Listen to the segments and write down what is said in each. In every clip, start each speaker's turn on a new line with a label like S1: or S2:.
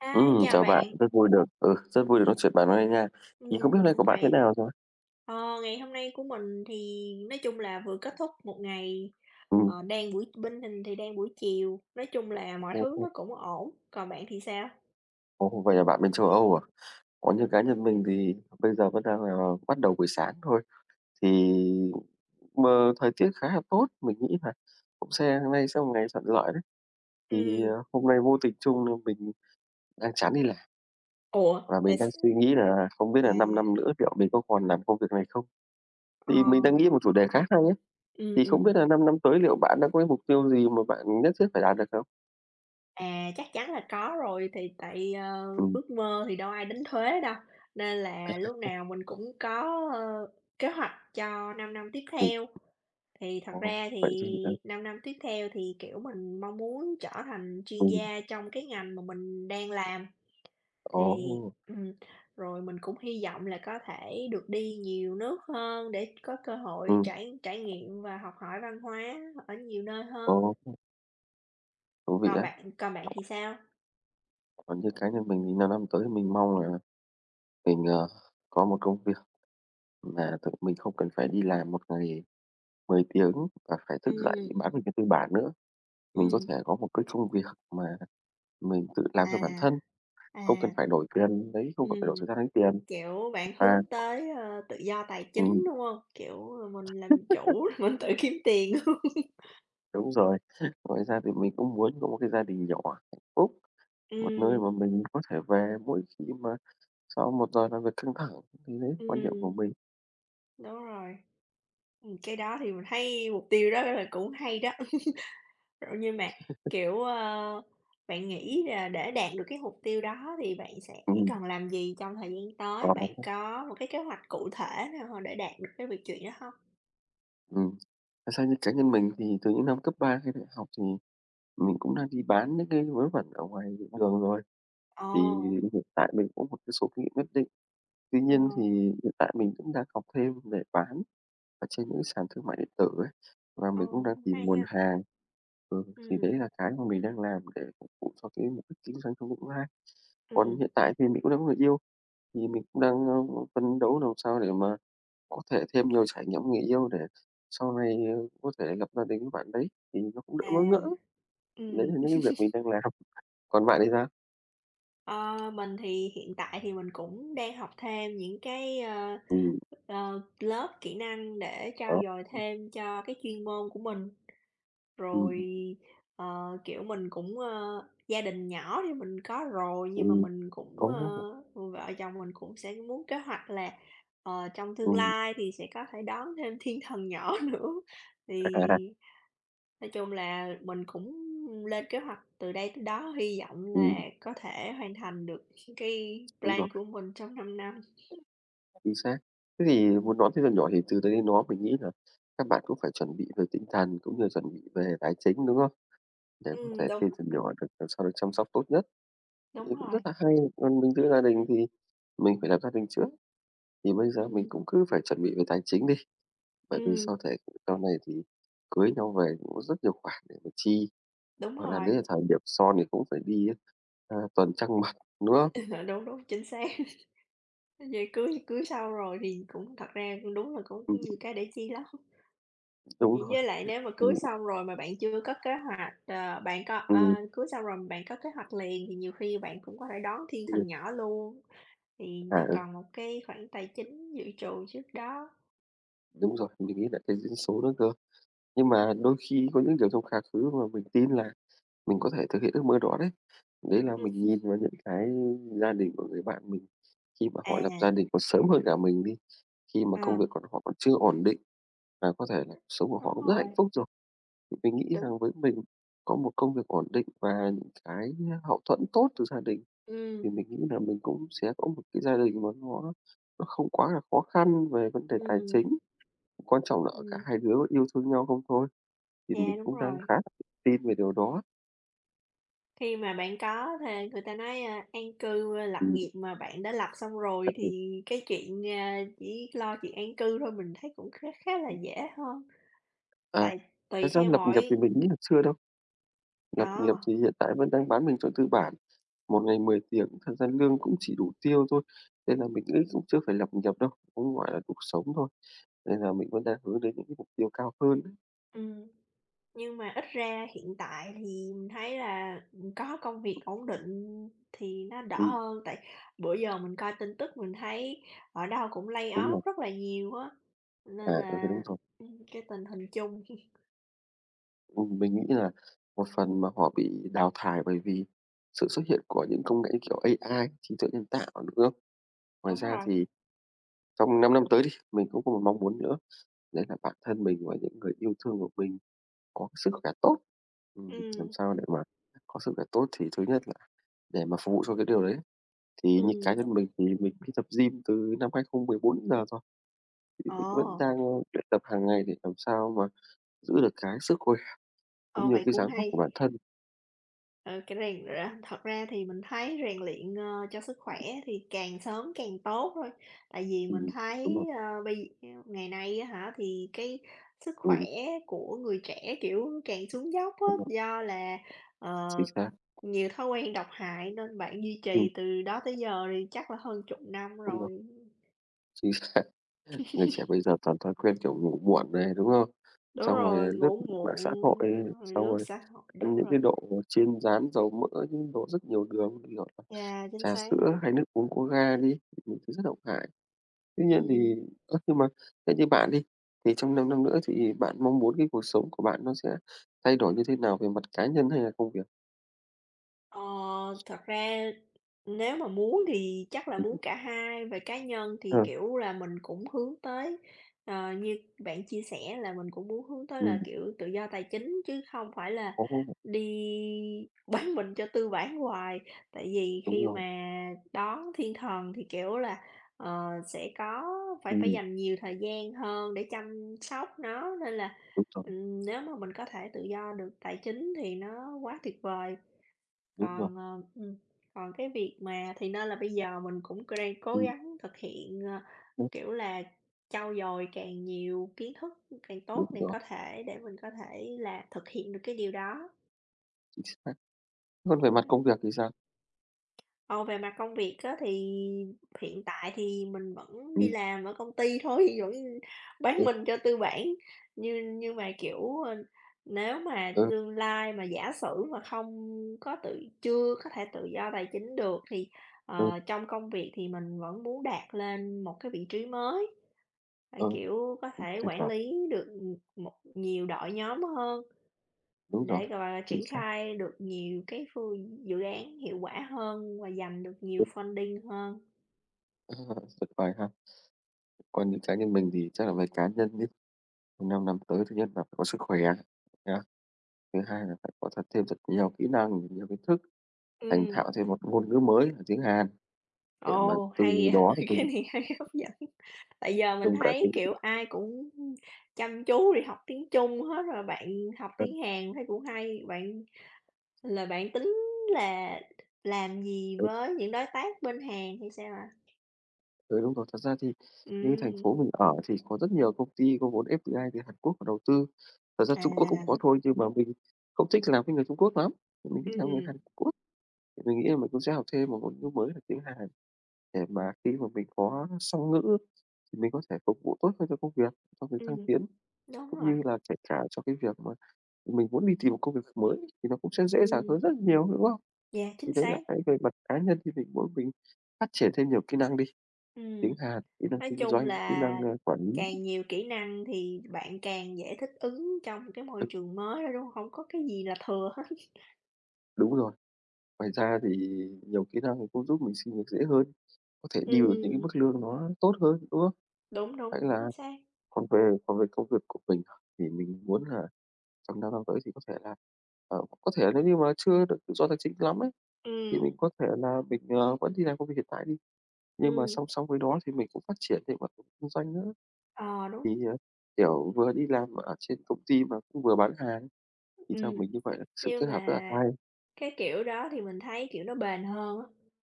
S1: Hi,
S2: Ừm,
S1: chào
S2: chào bạn,
S1: bạn!
S2: rất vui được ừ, rất vui được nói chuyện bạn hôm nay nha. Thì không
S1: Ừm,
S2: biết
S1: mình
S2: hôm nay
S1: cũng
S2: của bạn thế
S1: vậy.
S2: nào rồi?
S1: Ờ, ngày hôm nay của mình thì nói chung là vừa kết thúc một ngày,
S2: Ừm.
S1: ờ, đang buổi bên mình thì đang buổi chiều, nói chung là mọi
S2: Ồ,
S1: thứ
S2: ồ!
S1: nó cũng ổn. Còn bạn thì sao?
S2: Ồ, vậy là bạn bên châu Âu à? Còn như cá nhân mình thì bây giờ vẫn đang là, ờ, bắt đầu buổi sáng thôi, thì mờ thời tiết khá là tốt, mình nghĩ là cũng se hôm nay sẽ là một ngày thuận lợi đấy. Thì, à,
S1: Ừm.
S2: hôm nay vô tình chung là mình đang chán đi làm.
S1: Ủa?
S2: Và
S1: Tại
S2: mình
S1: s
S2: đang suy nghĩ là không biết
S1: à.
S2: là 5 năm nữa liệu mình có còn làm công việc này không?
S1: Ờ.
S2: Thì mình đang nghĩ một chủ đề khá hay nhé,
S1: Ừm,
S2: thì không
S1: ừm.
S2: biết là 5 năm tới liệu bạn đã có cái mục tiêu gì mà bạn nhất thiết phải đạt được không?
S1: À, chắc chắn là có rồi. Thì tại, ờ,
S2: Ừm.
S1: ước mơ thì đâu ai đánh thuế đâu, nên
S2: À,
S1: là lúc
S2: [unintelligible]
S1: nào mình cũng có, ơ, kế hoạch cho 5 năm tiếp
S2: Ừm.
S1: theo. Thì thật
S2: Ồ!
S1: ra
S2: Vậy thì
S1: thì
S2: ừ.
S1: 5 năm tiếp theo thì, kiểu, mình mong muốn trở thành chuyên
S2: Ừm.
S1: gia trong cái ngành mà mình đang làm, thì
S2: Ồ!
S1: ừm, rồi mình cũng hy vọng là có thể được đi nhiều nước hơn để có cơ hội
S2: Ừm.
S1: trải trải nghiệm và học hỏi văn hóa ở nhiều nơi hơn.
S2: Ồ, ưm. Thú vị
S1: Còn
S2: đấy.
S1: bạn còn bạn thì sao?
S2: Còn như cá nhân mình thì 5 năm tới thì mình mong là mình, ờ, có một công việc, và tự mình không cần phải đi làm một ngày 10 tiếng là phải thức dậy
S1: Ừm.
S2: bán mình cho tư bản nữa. Mình có
S1: Ừm.
S2: thể có một cái công việc mà mình tự làm cho bản
S1: À.
S2: thân, không cần
S1: À.
S2: phải đổi tiền lấy không cần phải đổi
S1: Ừm.
S2: thời gian lấy tiền
S1: Kiểu bạn
S2: và
S1: hướng tới, ơ, tự do tài
S2: Ừm.
S1: chính, đúng hông? Kiểu, ờ, mình làm chủ, mình tự kiếm tiền, đúng hông?
S2: Đúng rồi. Ngoài ra thì mình cũng muốn có một cái gia đình nhỏ phúc, một nơi
S1: Ừm.
S2: mà mình có thể về mỗi khi mà sau một giờ làm việc căng thẳng, thì đấy quan điểm của
S1: Ừm.
S2: mình.
S1: Đúng rồi. Ừm, cái đó thì mình thấy mục tiêu đó đó là cũng hay đó. Ơ, nhưng mà, kiểu, ơ, bạn nghĩ là để đạt được cái mục tiêu đó thì bạn sẽ
S2: Ừm.
S1: cần làm gì trong thời gian tới? Bạn
S2: [unintelligible]
S1: có một cái kế hoạch cụ thể nào mà để đạt được cái việc chuyện đó hông?
S2: Ừm. Thật ra như cá nhân mình thì từ những năm cấp 3 hay đại học thì mình mình cũng đã đi bán mấy cái vớ vẩn ở ngoài đường rồi, thì
S1: Ồ!
S2: hiện tại mình có một cái số kinh nghiệm nhất định, tuy
S1: Ờ.
S2: nhiên thì hiện tại mình cũng đang học thêm để bán ở trên những sàn thương mại điện tử ấy, và mình cũng
S1: Ồ,
S2: đang
S1: cũng
S2: tìm
S1: hay
S2: nguồn
S1: ha!
S2: hàng. Ừ, thì đấy
S1: Ừm.
S2: là cái mình đang làm để phục vụ cho cái mục đích kinh doanh trong tương lai. Còn
S1: Ừm.
S2: hiện tại thì mình cũng đang có người yêu, thì mình cũng đang, a, ừm, phấn đấu làm sao để mà có thể thêm nhiều trải nghiệm với người yêu để sau này, ờ, có thể lập gia đình với bạn đấy thì nó cũng đỡ
S1: À.
S2: bỡ ngỡ. Đấy
S1: Ừm.
S2: là những cái việc mình đang làm, còn bạn thì sao?
S1: Ơ, mình thì hiện tại thì mình cũng đang học thêm những cái, ơ,
S2: Ừm.
S1: ờ, lớp kỹ năng để
S2: Ồ!
S1: trau dồi thêm cho cái chuyên môn của mình.
S2: Ừm,
S1: Rồi,
S2: ừm.
S1: ờ, kiểu, mình cũng, ơ gia đình nhỏ thì mình có rồi, nhưng mà
S2: Ừm.
S1: mình cũng,
S2: Ồ!
S1: ơ vợ chồng mình cũng sẽ muốn kế hoạch là, ờ, trong tương
S2: Ừm.
S1: lai thì sẽ có thể đón thêm thiên thần nhỏ nữa.
S2: À!
S1: Thì nói chung là mình cũng lên kế hoạch từ đây tới đó, hy vọng
S2: Ừm.
S1: là có thể hoàn thành được cái
S2: Đúng rồi.
S1: plan của mình trong 5 năm.
S2: Chính xác. Thế thì muốn đón thiên thần nhỏ thì từ đây đến đó mình nghĩ là căn bản cũng phải chuẩn bị về tinh thần, cũng như là chuẩn bị về tài chính, đúng không? Để có
S1: Ừm,
S2: thể thiên
S1: đúng.
S2: thần nhỏ được, ờ, sau này chăm sóc tốt nhất
S1: Đúng
S2: thì cũng rất
S1: rồi.
S2: hay, còn mình giữ gia đình thì mình phải là gia đình trước thì bây giờ mình
S1: Ừm.
S2: cũng cứ phải chuẩn bị về tài chính đi, bởi vì
S1: Ừm.
S2: sau thể sau này thì cưới nhau về cũng có rất nhiều khoản để mà chi,
S1: Đúng
S2: hoặc là đấy
S1: rồi.
S2: là thời điểm son thì cũng phải đi, ơ, tuần trăng mặt mật, đúng không?
S1: Đúng, đúng, chính xác. Giờ cưới thì cưới xong rồi thì cũng thật ra cũng đúng là cũng
S2: Ừm.
S1: nhiều cái để chi lắm. V
S2: Đúng rồi.
S1: với lại nếu mà
S2: Th ừm.
S1: cưới xong rồi mà bạn chưa có kế hoạch, ờ, bạn có, ơ
S2: Ừm.
S1: cưới xong rồi bạn có kế hoạch liền thì nhiều khi bạn cũng có thể đón thiên
S2: Ừm.
S1: thần nhỏ luôn, thì
S2: À,
S1: nó
S2: ừ.
S1: còn một cái khoảng tài chính dự trù trước đó.
S2: Đúng rồi, mình nghĩ là cái duyên số nữa cơ. Nhưng mà đôi khi có những kiểu trong quá khứ mà mình tin là mình có thể thực hiện ước mơ đó đấy. Đấy là
S1: Ừm.
S2: mình nhìn vào những cái gia đình của người bạn mình, khi mà họ lập
S1: À.
S2: gia đình còn sớm hơn cả mình đi, khi mà công việc
S1: Ờ.
S2: của họ còn chưa ổn định là có thể là cuộc sống của họ
S1: Đúng
S2: cũng rất hạnh
S1: rồi.
S2: phúc rồi. Mình nghĩ
S1: Đúng.
S2: rằng với mình có một công việc ổn định và những cái hậu thuẫn tốt từ gia đình
S1: Ừm.
S2: thì mình nghĩ là mình cũng sẽ có một cái gia đình mà nó nó không quá là khó khăn về vấn đề tài
S1: Ừm.
S2: chính, quan trọng ở cả
S1: Ừm.
S2: hai đứa vẫn yêu thương nhau không thôi, thì
S1: Yeah,
S2: mình
S1: đúng
S2: cũng đang
S1: rồi.
S2: khá tin về điều đó.
S1: Khi mà bạn có thê người ta nói, ơ, an cư lập
S2: Ừm.
S1: nghiệp mà bạn, đã lập xong
S2: À,
S1: rồi
S2: ừ.
S1: thì cái chuyện, ơ, chỉ lo chuyện an cư thôi mình thấy cũng khá khá là
S2: Ừm.
S1: dễ hơn,
S2: À.
S1: tại tùy
S2: Thật ra
S1: theo
S2: lập nghiệp
S1: mỗi
S2: thì mình nghĩ là chưa đâu. Lập nghiệp
S1: À!
S2: thì hiện tại vẫn đang bán mình cho tư bản một ngày 10 tiếng, thật ra lương cũng chỉ đủ tiêu thôi, nên là mình nghĩ cũng chưa phải lập nghiệp đâu, cũng gọi là cuộc sống thôi. Nên là mình vẫn đang hướng đến những cái mục tiêu cao hơn đấy.
S1: Ừm. Nhưng mà ít ra hiện tại thì mình thấy là mình có công việc ổn định thì nó đỡ
S2: Ừm.
S1: hơn, tại bữa giờ mình coi tin tức mình thấy ở đâu cũng lay
S2: Đúng
S1: off
S2: rồi.
S1: rất là nhiều á.
S2: À,
S1: Nên
S2: ừ,
S1: là,
S2: đúng rồi.
S1: ưm, cái tình hình chung.
S2: Ừm, mình nghĩ là một phần mà họ bị đào thải bởi vì sự xuất hiện của những công nghệ như kiểu AI- trí tuệ nhân tạo, đúng không? Ngoài
S1: Đúng
S2: ra
S1: rồi.
S2: thì trong 5 năm tới đi, mình cũng có một mong muốn nữa đấy là bản thân mình và những người yêu thương của mình có cái sức khoẻ tốt. Ừm, làm
S1: Ừm.
S2: sao để mà có sức khoẻ tốt thì thứ nhất là để mà phục vụ cho cái điều đấy thì như cá
S1: Ừm,
S2: nhân
S1: đúng.
S2: mình thì mình cũng đi tập gym từ năm 2014 đến giờ rồi, thì mình vẫn
S1: Ồ!
S2: đang luyện tập hàng ngày để làm sao mà giữ được cái sức khỏe cũng
S1: Ồ,
S2: như
S1: vậy
S2: cái
S1: cũng
S2: dáng vóc
S1: hay!
S2: của bản thân.
S1: Ờ, cái này ra thật ra thì mình thấy rèn luyện, ơ, cho sức khỏe thì càng sớm càng tốt thôi. Tại vì
S2: Ừm,
S1: mình
S2: ừm. Đúng
S1: thấy,
S2: rồi.
S1: ơ, bây [unintelligible] ngày nay á hả, thì cái sức
S2: Ừm,
S1: khỏe
S2: ừm.
S1: của người trẻ, kiểu, càng xuống dốc á,
S2: Đúng rồi.
S1: do là, ờ,
S2: Chính xác.
S1: nhiều thói quen độc hại. Nên bạn duy trì
S2: Ừm.
S1: từ đó tới giờ thì chắc là hơn chục năm
S2: Đúng rồi.
S1: rồi.
S2: Chính xác! Người trẻ bây giờ toàn thói quen kiểu ngủ muộn này, đúng không?
S1: Đúng
S2: Xong rồi
S1: rồi,
S2: lướt
S1: ngủ
S2: mạng xã hội,
S1: muộn, rồi
S2: xong
S1: lướt
S2: rồi
S1: xã hội.
S2: ăn
S1: Đúng
S2: những
S1: rồi.
S2: cái đồ chiên rán dầu mỡ, những đồ rất nhiều đường như kiểu
S1: Yeah, chính
S2: trà
S1: xác.
S2: sữa hay nước uống có ga đi, những thứ rất độc hại. Tuy nhiên
S1: Ừm.
S2: thì ơ, nhưng mà theo như bạn đi, thì trong 5 năm nữa thì bạn mong muốn cái cuộc sống của bạn nó sẽ thay đổi như thế nào về mặt cá nhân hay là công việc?
S1: Ờ, thật ra nếu mà muốn thì chắc là
S2: Ừm,
S1: muốn
S2: ừm.
S1: cả hai. Về cá nhân thì,
S2: Ờ.
S1: kiểu là, mình cũng hướng tới ờ, như bạn chia sẻ là mình cũng muốn hướng tới là
S2: Ừm.
S1: kiểu tự do tài chính chứ không phải là
S2: Ồ!
S1: đi bán mình cho tư bản hoài, tại vì
S2: Đúng
S1: khi
S2: rồi.
S1: mà đón thiên thần thì, kiểu là, ờ, sẽ có phải phải
S2: Ừm.
S1: dành nhiều thời gian hơn để chăm sóc nó, nên là,
S2: Đúng rồi.
S1: ừm, nếu mà mình có thể tự do được tài chính thì nó quá tuyệt vời.
S2: Đúng rồi.
S1: Còn, ờ, ừm, còn cái việc mà thì nên là bây giờ mình cũng c đang cố
S2: Ừm.
S1: gắng thực hiện, ơ,
S2: [unintelligible]
S1: kiểu là, trau dồi càng nhiều kiến thức càng
S2: Đúng
S1: tốt để
S2: rồi.
S1: có thể để mình có thể là hiện được cái điều đó.
S2: Chính xác! Còn về mặt
S1: Ừm.
S2: công việc thì sao?
S1: Còn về mặt công việc á thì hiện tại thì mình vẫn đi
S2: Ừm.
S1: làm ở công ty thôi, vẫn bán
S2: Ừm.
S1: mình cho tư bản, như nhưng mà, kiểu, ơ, nếu mà
S2: Ừ.
S1: tương lai mà giả sử mà không có tự chưa có thể tự do tài chính được thì,
S2: Ừ.
S1: ờ, trong công việc thì mình vẫn muốn đạt lên một cái vị trí mới, và,
S2: Ờ,
S1: kiểu, có
S2: cũng
S1: thể
S2: thỉnh
S1: quản
S2: thoảng.
S1: lý được, ừm, một nhiều đội nhóm hơn
S2: Đúng rồi.
S1: để, gọi là,
S2: Chính
S1: triển
S2: xác!
S1: khai được nhiều cái phương dự án hiệu quả hơn và giành được nhiều
S2: Ừm.
S1: funding hơn.
S2: A, tuyệt vời ha! Còn như cá nhân mình thì chắc là với cá nhân nhá, trong 5 năm tới thứ nhất là phải có sức khoẻ nhá. Thứ hai là phải có thật thêm thật nhiều kỹ năng, nhiều kiến thức, thành
S1: Ừm.
S2: thạo thêm một ngôn ngữ mới là tiếng Hàn để mà
S1: Ồ,
S2: từ
S1: hay
S2: đó
S1: vậy! Cái
S2: [unintelligible]
S1: này hay, hấp dẫn. Tại giờ mình
S2: Trung cả
S1: thấy,
S2: tiếng
S1: kiểu, ai cũng, ưm, chăm chú đi học tiếng Trung hết rồi, bạn học
S2: Ừ.
S1: tiếng Hàn thấy cũng hay. Bạn là bạn tính là làm gì
S2: Ừ.
S1: với những đối tác bên Hàn hay sao ạ?
S2: Ừ, đúng rồi, thật ra thì như cái thành
S1: Ừm.
S2: phố mình ở thì có rất nhiều công ty có vốn FDI như Hàn Quốc vào đầu tư, thật ra Trung Quốc cũng có
S1: À!
S2: thôi nhưng mà mình không thích làm với người Trung Quốc lắm, mình thích làm với người
S1: Ừm.
S2: Hàn Quốc. Mình nghĩ là mình cũng sẽ học thêm 1 ngôn ngữ mới là tiếng Hàn để mà khi mà mình có song ngữ thì mình có thể phục vụ tốt hơn cho công việc, cho việc thăng
S1: Ừm.
S2: tiến,
S1: Đúng
S2: cũng
S1: rồi.
S2: như là kể cả cho cái việc mà mình muốn đi tìm một công việc mới thì nó cũng sẽ dễ dàng
S1: Ừm.
S2: hơn rất là nhiều, đúng không?
S1: Yeah,
S2: Vì
S1: chính
S2: thế là
S1: xác.
S2: cái về mặt cá nhân đi thì mỗi mình phát triển thêm nhiều kỹ năng đi, tiếng
S1: Ừm.
S2: Hàn, kỹ năng
S1: Nói
S2: kinh
S1: chung
S2: doanh, kỹ
S1: là
S2: năng, ơ, quản lý.
S1: càng nhiều kỹ năng thì bạn càng dễ thích ứng trong cái môi trường mới đó, đúng hổng có gì là thừa hết.
S2: Đúng rồi. Ngoài ra thì nhiều kỹ năng cũng giúp mình xin việc dễ hơn, có thể deal được những cái
S1: Ừm.
S2: mức lương nó tốt hơn, đúng không?
S1: Đúng, đúng,
S2: Vậy
S1: chính
S2: là
S1: xác.
S2: còn về còn về công việc mình thì mình muốn là trong 5 năm tới thì có thể là, ờ, có thể là nếu như mà chưa được tự do tài chính lắm ấy thì mình
S1: Ừm.
S2: có thể là mình, à, vẫn đi làm công việc hiện tại đi, nhưng mà
S1: Ừm.
S2: song song với đó thì mình cũng phát triển về mặt kinh doanh nữa.
S1: Ờ,
S2: Thì,
S1: đúng.
S2: à, kiểu, vừa đi làm ở trên công ty mà cũng vừa bán hàng, thì theo
S1: Ừm.
S2: mình như vậy là sự
S1: Nhưng
S2: kết hợp rất là
S1: mà
S2: hay.
S1: cái kiểu đó thì mình thấy, kiểu, nó bền hơn á.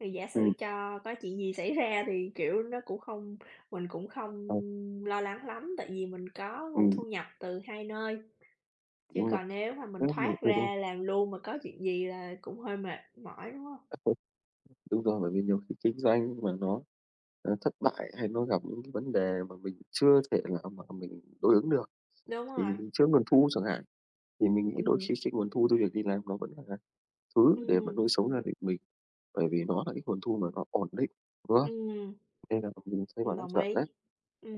S1: Thì giả sử
S2: Ừm.
S1: cho có chuyện gì xảy ra thì, kiểu, nó cũng không mình cũng không
S2: Ờ.
S1: lo lắng lắm, tại vì mình có nguồn
S2: Ừm.
S1: thu nhập từ hai nơi, chứ
S2: Đúng rồi.
S1: còn nếu mà mình
S2: Thế mà
S1: thoát
S2: ừ, đúng rồi.
S1: ra làm luôn mà có chuyện gì là cũng hơi mệt mỏi, đúng hông?
S2: Đúng rồi, bởi vì nhiều khi kinh doanh mà nó, a, thất bại hay nó gặp những cái vấn đề mà mình chưa thể nào mà mình đối ứng được,
S1: Đúng rồi.
S2: thì trước nguồn thu chẳng hạn, thì mình nghĩ đôi
S1: Ừm.
S2: khi khi nguồn thu cho việc đi làm nó vẫn là thứ để mà
S1: Ừm.
S2: nuôi sống gia đình mình, bởi vì nó là cái nguồn thu mà nó ổn định, đúng không?
S1: Ừm.
S2: Nên là bọn mình sẽ
S1: Ừm,
S2: bảo trắc
S1: đồng
S2: trở đấy.
S1: ý.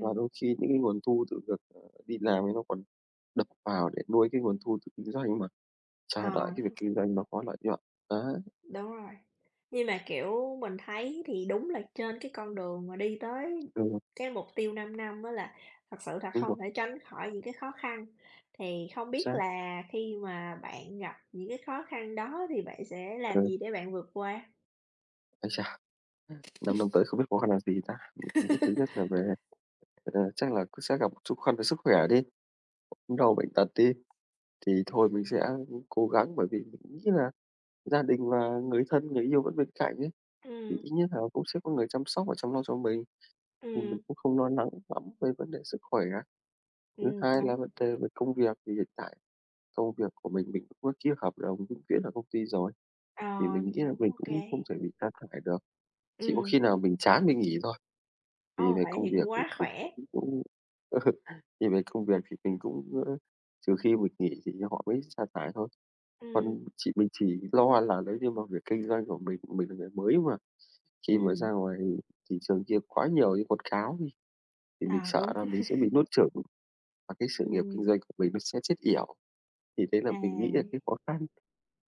S2: Và đôi khi những cái nguồn thu từ việc, ờ, đi làm thì nó còn đập vào để nuôi cái nguồn thu từ kinh doanh mà chờ đợi
S1: À.
S2: cái việc kinh doanh nó có lợi nhuận, đấy.
S1: Đúng rồi. Nhưng mà, kiểu, mình thấy thì đúng là trên cái con đường mà đi tới
S2: Đúng rồi.
S1: cái mục tiêu 5 năm á là thật sự là
S2: Đúng
S1: không
S2: rồi.
S1: thể tránh khỏi những cái khó khăn. Thì không biết
S2: Xác.
S1: là khi mà bạn gặp những cái khó khăn đó thì bạn sẽ làm
S2: Ừ.
S1: gì để bạn vượt qua?
S2: Ái chà! 5 năm tới không biết khó khăn là gì ta? Mình nghĩ thứ nhất là về, à, chắc là cũng sẽ gặp một chút khó khăn về sức khoẻ đi, ốm đau bệnh tật đi, thì thôi mình sẽ, ưm, cố gắng bởi vì mình nghĩ là gia đình và người thân, người yêu vẫn bên cạnh ấy, thì
S1: Ừm.
S2: ít nhất là cũng có người chăm sóc và chăm lo cho mình, thì mình
S1: Ừm.
S2: cũng không lo lắng lắm về vấn đề sức khoẻ. Thứ
S1: Ừm,
S2: hai là
S1: đúng.
S2: vấn đề về công việc. Thì hiện tại công việc của mình, mình cũng có ký hợp đồng vĩnh viễn ở công ty rồi, thì
S1: Ờ,
S2: mình nghĩ là
S1: cũng
S2: mình
S1: OK.
S2: cũng không thể bị sa thải được, chỉ có
S1: Ừm.
S2: khi nào mình chán mình nghỉ thôi. Thì
S1: Ồ,
S2: về
S1: vậy
S2: công
S1: thì
S2: việc
S1: cũng
S2: thì
S1: quá
S2: mình
S1: khỏe.
S2: cũng cũng thì về công việc thì mình cũng, ơ, nhiều khi mình nghỉ thì họ mới sa thải thôi.
S1: Ừm.
S2: Còn chỉ mình chỉ lo là nếu như mà việc kinh doanh của mình, mình là người mới mà, khi mới
S1: Ừm.
S2: ra ngoài thì thị trường kia quá nhiều những quảng cáo đi, thì
S1: Ờ,
S2: mình
S1: đúng.
S2: sợ là mình sẽ bị nuốt chửng và cái sự nghiệp kinh
S1: Ừm.
S2: doanh của mình nó sẽ chết yểu. Thì đấy là mình nghĩ là
S1: À.
S2: cái khó khăn,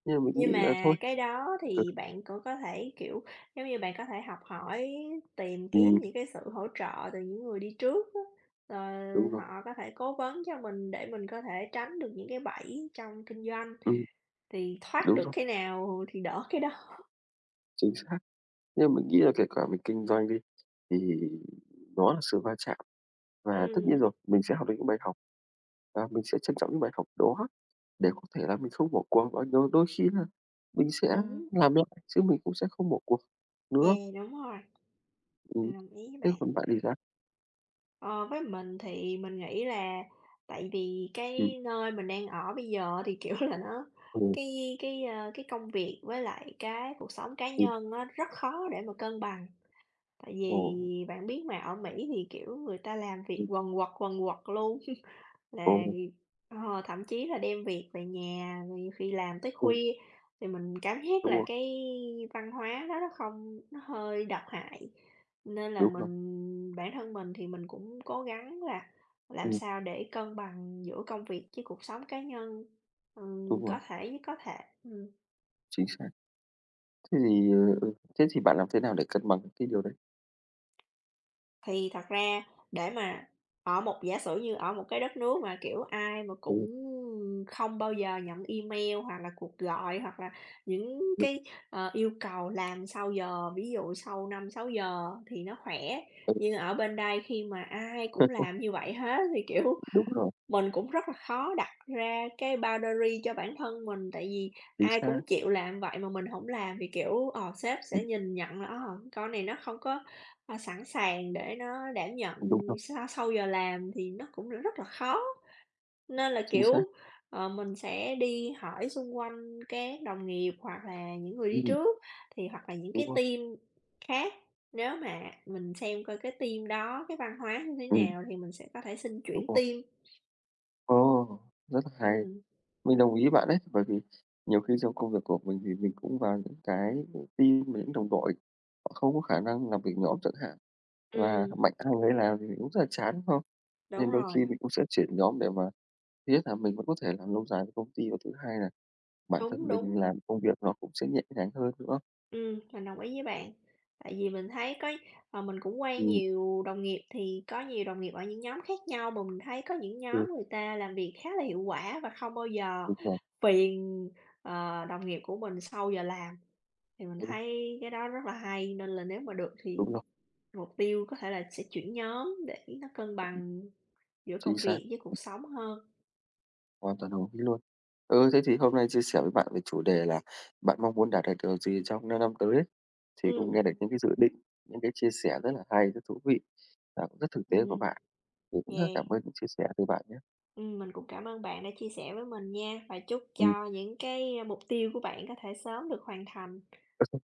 S2: nhưng mà mình
S1: Nhưng
S2: nghĩ là
S1: mà
S2: thôi
S1: cái đó
S2: ừ.
S1: thì bạn cũng có thể kiểu, giống như bạn có thể học hỏi, tìm kiếm những
S2: Ừm.
S1: cái sự hỗ trợ từ những người đi trước á. Ờ,
S2: Đúng rồi.
S1: họ có thể cố vấn cho mình để mình có thể tránh được những cái bẫy trong kinh doanh.
S2: Ừm.
S1: Thì thoát
S2: Đúng
S1: được
S2: rồi.
S1: cái nào thì đỡ cái đó.
S2: Chính xác. Nhưng mà mình nghĩ là kể cả mình kinh doanh đi, thì nó là sự va chạm. Và tất nhiên
S1: Ừm.
S2: rồi, mình sẽ học được những bài học và mình sẽ trân trọng những bài học đó để có thể là mình không bỏ cuộc và rồi đôi khi là mình sẽ
S1: Đúng.
S2: làm được, chứ mình cũng sẽ không bỏ cuộc nữa.
S1: Yeah, đúng rồi.
S2: Ừm.
S1: Mình đồng ý với
S2: Thế
S1: bạn.
S2: còn bạn thì sao?
S1: Ờ, với mình thì mình nghĩ là tại vì
S2: Ừm.
S1: cái nơi mình đang ở bây giờ thì kiểu là nó
S2: Ừm.
S1: cái cái, ơ, cái công việc với lại cái cuộc sống cá
S2: Ừm.
S1: nhân á rất khó để mà cân bằng. Tại
S2: Ồ.
S1: vì bạn biết mà, ở Mỹ thì, kiểu, người ta làm việc
S2: Ừm.
S1: quần quật, quần quật luôn là
S2: Ồ.
S1: vì ờ, thậm chí là đem việc về nhà, rồi nhiều khi làm tới
S2: Ừm.
S1: khuya, thì mình cảm giác
S2: Đúng
S1: là
S2: rồi.
S1: cái văn hóa nó rất không nó hơi độc hại. Nên là
S2: Đúng rồi.
S1: mình bản thân mình thì mình cũng cố gắng là làm
S2: Ừm.
S1: sao để cân bằng giữa công việc với cuộc sống cá nhân, ừm,
S2: Đúng
S1: có
S2: rồi.
S1: thể nhất có thể, ừm.
S2: Chính xác. Thế thì, ờ, ơ, thế thì bạn làm thế nào để cân bằng được cái điều đấy?
S1: Thì thật ra để mà ở một giả sử như ở một đất nước mà, kiểu, ai mà
S2: Đúng
S1: cũng,
S2: rồi.
S1: ừm, không bao giờ nhận email, hoặc là cuộc gọi, hoặc là những
S2: Ừm.
S1: cái, ờ, yêu cầu làm sau giờ, ví dụ sau 5:00-6:00 thì nó khỏe.
S2: Ừm.
S1: Nhưng ở bên đây khi mà ai cũng làm như vậy hết thì, kiểu,
S2: Đúng rồi.
S1: mình cũng rất là khó đặt ra cái boundary cho bản thân mình, tại vì
S2: Chính
S1: ai
S2: xác.
S1: cũng chịu làm vậy mà mình hổng làm thì, kiểu, ờ, sếp sẽ
S2: Ừm.
S1: nhìn nhận là, ơ, "con này nó không có, ơ, sẵn sàng để nó đảm nhận
S2: Ừm, đúng rồi.
S1: sau sau giờ làm" thì nó cũng r rất là khó. Nên là,
S2: Chính
S1: kiểu,
S2: xác.
S1: ờ, mình sẽ đi hỏi xung quanh các đồng nghiệp hoặc là những người đi
S2: Ừm.
S1: trước, thì hoặc là những
S2: Đúng
S1: cái
S2: rồi.
S1: team khác, nếu mà mình xem coi cái team đó, cái văn hóa như thế
S2: Ừm.
S1: nào thì mình sẽ có thể xin
S2: Đúng
S1: chuyển
S2: rồi.
S1: team.
S2: Ồ! Rất là hay!
S1: Ừm.
S2: Mình đồng ý với bạn đấy, bởi vì nhiều khi trong công việc của mình thì mình cũng vào những cái, kiểu, team, mà những đồng đội họ không có khả năng làm việc nhóm chẳng hạn và
S1: Ừm.
S2: mạnh ai người nấy làm thì cũng rất là chán, đúng không?
S1: Đúng
S2: Nên đôi
S1: rồi.
S2: khi mình cũng sẽ chuyển nhóm để mà thứ nhất là mình vẫn có thể làm lâu dài với công ty, và thứ hai là bản thân
S1: Đúng,
S2: mình
S1: đúng.
S2: làm công việc nó cũng sẽ nhẹ nhàng hơn nữa.
S1: Ừm, mình đồng ý với bạn, tại vì mình thấy có ờ, mình cũng quen
S2: Ừm.
S1: nhiều đồng nghiệp thì có nhiều đồng nghiệp ở những nhóm khác nhau mà mình thấy có những
S2: Ừ.
S1: nhóm người ta làm việc khá là hiệu quả và không bao giờ
S2: Đúng rồi.
S1: phiền, ờ, đồng nghiệp của mình sau giờ làm. Thì mình
S2: Ừm.
S1: thấy cái đó rất là hay, nên là nếu mà được thì
S2: Đúng rồi.
S1: mục tiêu có thể là sẽ chuyển nhóm để nó cân bằng giữa
S2: Chính
S1: công
S2: xác.
S1: việc với cuộc sống hơn.
S2: Hoàn toàn đồng ý luôn. Ừ, thế thì hôm nay chia sẻ với bạn về chủ đề là "Bạn mong muốn đạt được điều gì trong 5 năm tới" ấy, thì cũng nghe
S1: Ừm.
S2: được những cái dự định, những cái chia sẽ rất là hay, rất thú vị và cũng rất thực tế của
S1: Ừm.
S2: bạn. Mình cũng rất là cảm
S1: Yeah.
S2: ơn những chia sẻ từ bạn nhé.
S1: Ừm, mình cũng cảm ơn bạn đã chia sẻ với mình nha và chúc
S2: Ừm.
S1: cho những cái, ơ, mục tiêu của bạn có thể sớm được hoàn thành.
S2: [unintelligible]